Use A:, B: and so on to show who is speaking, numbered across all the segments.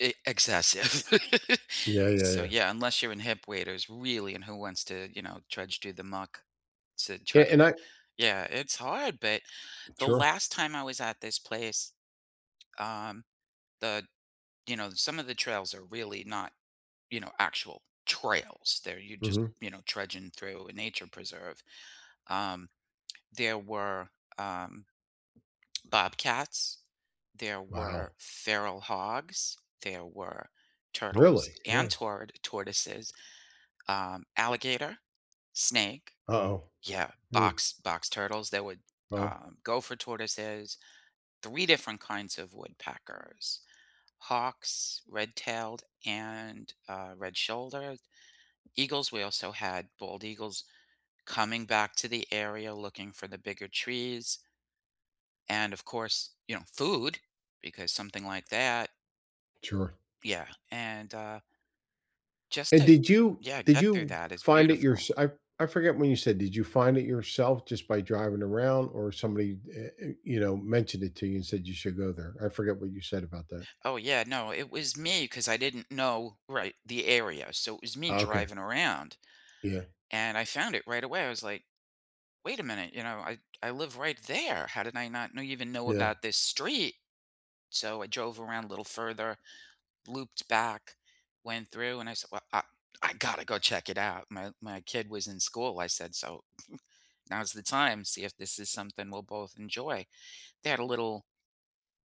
A: Eh, excessive.
B: Yeah, yeah,
A: So,
B: yeah.
A: yeah, unless you're in hip waders, really, and who wants to, you know, trudge through the muck to try
B: Eh,
A: to
B: and I
A: Yeah, it's hard, but the
B: Sure.
A: last time I was at this place, um, the you know, some of the trails are really not, you know, actual trails, they're you're just,
B: Mhm.
A: you know, trudging through a nature preserve. Um, there were, um, bobcats, there were
B: Wow.
A: feral hogs, there were turtles
B: Really,
A: and
B: wow.
A: tort tortoises, um, alligator, snake.
B: Uh-oh.
A: Yeah,
B: Hmm.
A: box box turtles that would
B: Wow.
A: um, gopher tortoises, 3 different kinds of woodpeckers, hawks, red-tailed, and, uh, red-shouldered, eagles, we also had bald eagles coming back to the area looking for the bigger trees, and, of course, you know, food because something like that.
B: Sure.
A: Yeah, and, uh just
B: And
A: to
B: did you
A: Yeah,
B: did
A: get through
B: you
A: that is
B: find it
A: beautiful.
B: yourse I I forget when you said, did you find it yourself just by driving around or somebody eh eh, you know, mentioned it to you and said you should go there, I forgot what you said about that.
A: Oh, yeah, no, it was me 'cause I didn't know, right, the area, so it was me
B: Okay.
A: driving around,
B: Yeah.
A: and I found it right away. I was like, "Wait a minute, you know, I I live right there, how did I not know even know
B: Yeah.
A: about this street?" So, I drove around a little further, looped back, went through, and I said, "Well, A I gotta go check it out," my my kid was in school. I said, so now's the time, see if this is something we'll both enjoy, they had a little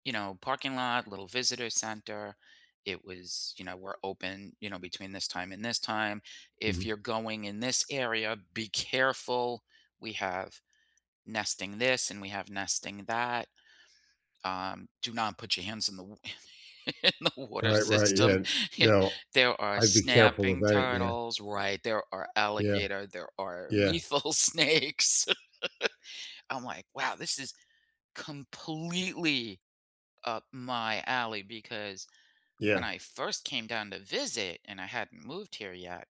A: you know, parking lot, little visitor center, it was, you know, "We're open, you know, between this time and this time, if you're
B: Mhm.
A: going in this area, be careful, we have nesting this and we have nesting that. Um, do not put your hands in the wa and in the water
B: Right, right, yeah,
A: system, yeah,
B: no.
A: there are
B: I'd be careful
A: snapping
B: about it, yeah.
A: turtles, right, there are
B: Yeah.
A: alligator, there are
B: Yeah.
A: lethal snakes." I'm like, "Wow. This is completely up my alley," because when
B: Yeah.
A: I first came down to visit and I hadn't moved here yet,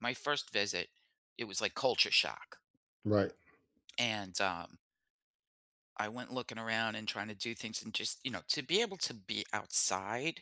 A: my first visit- it was, like, culture shock.
B: Right.
A: And, um I went looking around and trying to do things and just, you know, to be able to be outside